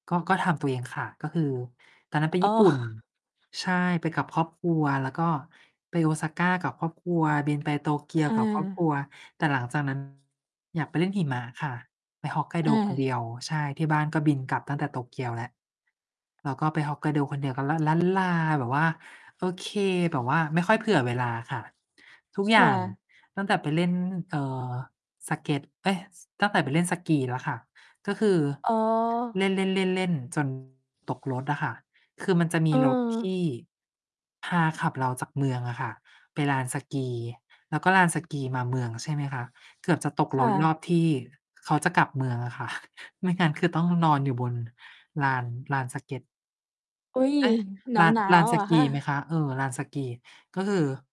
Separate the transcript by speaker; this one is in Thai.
Speaker 1: ก็ ก็ทำตัวเองค่ะ ก็คือตอนนั้นไป
Speaker 2: อ๋
Speaker 1: ญี
Speaker 2: อ
Speaker 1: ่ปุ่น ใช่ ไปกับครอบครัว แล้วก็ไป Osaka กับครอบครัว บินไป โตเกียวกับครอบค
Speaker 2: เออ
Speaker 1: รัว แต่หลังจาก นั้น อยากไปเล่นหิมะค่ะ ไป
Speaker 2: เ
Speaker 1: Hokkaido คนเ
Speaker 2: ออ
Speaker 1: ดียว ใช่ ที่บ้านก็บินกลับตั้งแต่โตเกียวแล้ว เราก็ไป Hokkaido คนเดียวก็ลัน ลั้นลา แบบว่า โอเค แบบว่าไม่ค่อย เผื่อเวลาค่ะ ทุก
Speaker 2: ค
Speaker 1: อย่า
Speaker 2: ่
Speaker 1: ง
Speaker 2: ะ
Speaker 1: ตั้งแต่ไปเล่น เอ่อ สเกต เอ๊ย ส ตั้งแต่ไปเล่นสกีแล้วค่ะ ก็คือ
Speaker 2: อ๋อ
Speaker 1: เล่น ๆ ๆ ๆ จน ตกรถอะค่ะ คือมันจะมี
Speaker 2: เ
Speaker 1: รถ ที
Speaker 2: ออ
Speaker 1: ่ พาขับเราจากเมืองอะค่ะ ไปลานสกี แล้วก็ลานสกีมาเมืองใช่ไหมคะ เกือบจะตก
Speaker 2: ค
Speaker 1: ร
Speaker 2: ่
Speaker 1: ถรอ
Speaker 2: ะ
Speaker 1: บที่เขาจะกลับเมืองอะค่ะ ไม่งั้นคือต้องนอนอยู่บนลาน ลานสเกต
Speaker 2: อุ๊ย
Speaker 1: เอ๊ะ
Speaker 2: ห
Speaker 1: ลาน
Speaker 2: นา
Speaker 1: ลา
Speaker 2: ว
Speaker 1: น
Speaker 2: ๆ
Speaker 1: ส
Speaker 2: เหรอ
Speaker 1: กี
Speaker 2: ค
Speaker 1: ไหมค
Speaker 2: ะ?
Speaker 1: ะ? เออ ลานสกี ก็คือ